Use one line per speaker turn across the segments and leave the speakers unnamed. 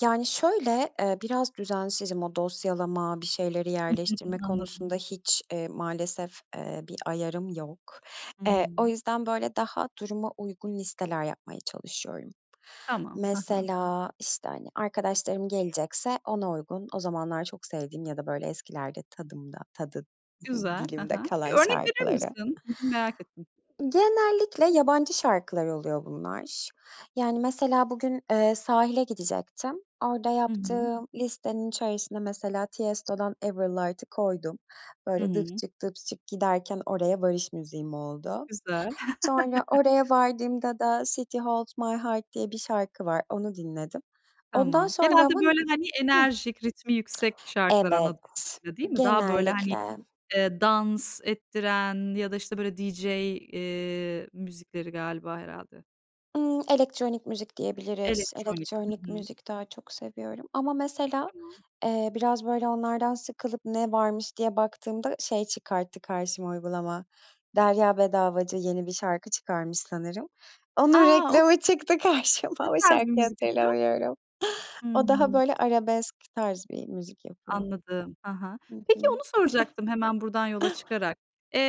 Yani, şöyle, eee, biraz düzensizim, o dosyalama, bir şeyleri
Hı hı,
yerleştirme
hı. Anladım.
konusunda hiç, eee, maalesef, eee, bir ayarım yok.
Hı
Eee, o
hı.
yüzden, böyle, daha duruma uygun listeler yapmaya çalışıyorum.
Tamam. He he.
Mesela, işte, hani, arkadaşlarım gelecekse ona uygun, o zamanlar çok sevdiğim ya da böyle eskilerde tadımda tadı
Güzel. He
dilimde
he. Bir
kalan
örnek verir
şarkıları.
misin? M merak ettim.
Genellikle yabancı şarkılar oluyor bunlar. Yani, mesela, bugün, eee, sahile gidecektim. Orada
Hı hı.
yaptığım listenin içerisine mesela Tiesto'dan Ever Light'ı koydum.
Hı
Böyle
hı.
giderken oraya varış müziğim oldu.
Güzel.
Sonra oraya vardığımda da City Holds My Heart diye bir şarkı var, onu dinledim. Ondan
Tamam.
sonra
Genelde
ama n
böyle, hani,
hıh.
enerjik, ritmi yüksek şarkılar anladığım
Evet,
kadarıyla, değil mi? Daha, böyle, hani,
genellikle.
eee, dans ettiren ya da, işte, böyle DJ, eee, müzikleri galiba herhâlde.
Hımm elektronik müzik diyebiliriz,
Elektronik. Hı
elektronik
hı.
müzik daha çok seviyorum ama, mesela,
Tamam.
eee, biraz böyle onlardan sıkılıp ne varmış diye baktığımda şey çıkarttı karşıma uygulama, Derya Bedavacı yeni bir şarkı çıkarmış sanırım. Onun
A, okay.
reklamı çıktı
Ne
karşıma, o
tarz bir
şarkıyı
müzik yapıyor?
hatırlamıyorum. O daha
Hımm.
böyle arabesk tarz bir müzik yapıyor.
Anladım. He he,
Hı
peki,
hı.
onu soracaktım hemen buradan yola çıkarak.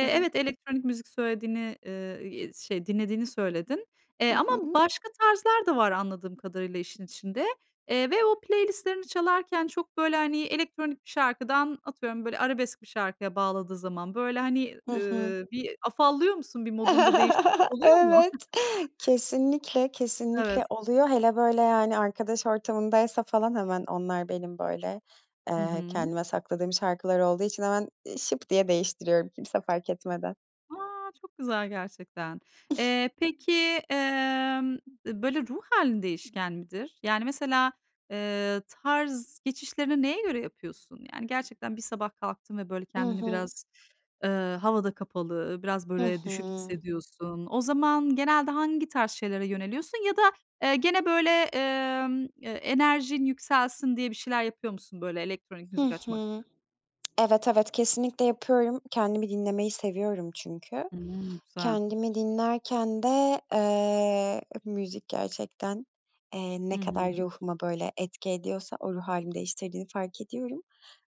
Hı hı.
evet, elektronik müzik söylediğini, eee, eee, şey dinlediğini söyledin. Eee,
Hı
ama
hı.
başka tarzlar da var anladığım kadarıyla işin içinde. Eee, ve o playlist'lerini çalarken çok böyle, hani, elektronik bir şarkıdan, atıyorum, böyle arabesk bir şarkıya bağladığı zaman, böyle, hani,
Hı hı.
ııı, bir afallıyor musun, bir modunda değişiklik oluyor mu?
Evet. Kesinlikle, kesinlikle
Evet.
oluyor. Hele, böyle, yani, arkadaş ortamındaysa falan hemen onlar benim, böyle,
Hı
eee,
hı.
kendime sakladığım şarkılar olduğu için hemen, eee, şıp diye değiştiriyorum. Kimse fark etmeden.
A, çok güzel gerçekten. Eee, peki, emm, böyle ruh hâlin değişken midir? Yani, mesela, eee, tarz geçişlerini neye göre yapıyorsun? Yani, gerçekten bir sabah kalktın ve böyle
I
kendini
hı.
biraz eee, havada kapalı, biraz
Hı
böyle düşük
hı.
hissediyorsun. O zaman genelde hangi tarz şeylere yöneliyorsun ya da, eee, gene böyle, emm, eee, enerjin yükselsin diye bir şeyler yapıyor musun, böyle elektronik
Hı
müzik açmak gibi?
hı. Evet, evet, kesinlikle yapıyorum. Kendimi dinlemeyi seviyorum çünkü.
Hımm. Güzel.
Kendimi dinlerken de, eee, müzik gerçekten, eee,
Hı
ne
hı.
kadar ruhuma böyle etki ediyorsa o ruh hâlimi değiştirdiğini fark ediyorum.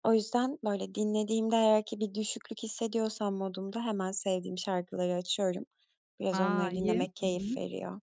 O yüzden, böyle, dinlediğimde eğer ki bir düşüklük hissediyorsam modumda hemen sevdiğim şarkıları açıyorum, biraz
A,
onları
iyi.
dinlemek
Hı
keyif
hı.
veriyor.